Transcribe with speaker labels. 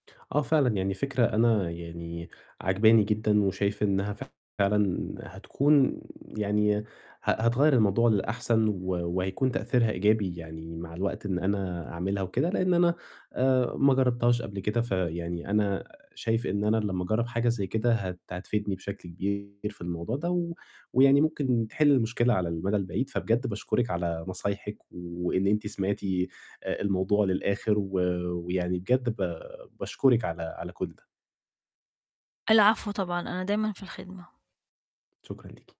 Speaker 1: آه، فعلًا، يعني فكرة أنا يعني عجباني جدًا، وشايف إنّها فعلًا هتكون يعني ه هتغيّر الموضوع للأحسن و وهيكون تأثيرها إيجابي يعني مع الوقت، إن أنا أعملها وكده، لإن أنا آآ ما جرّبتهاش قبل كده، فيعني أنا شايف إن أنا لمّا أجرّب حاجة زَي كده، هت هتفيدني بشكل كبير في الموضوع ده، و ويعني ممكن تحل المشكلة على المدى البعيد، فبجد باشكرِك على نصايحِك، وإن أنتِ سمعتِ آآ الموضوع للآخِر، و ويعني بجد ب باشكرِك على على كلّ ده.
Speaker 2: العفو طبعًا، أنا دايمًا في الخدمة.
Speaker 1: شكرًا ليكِ.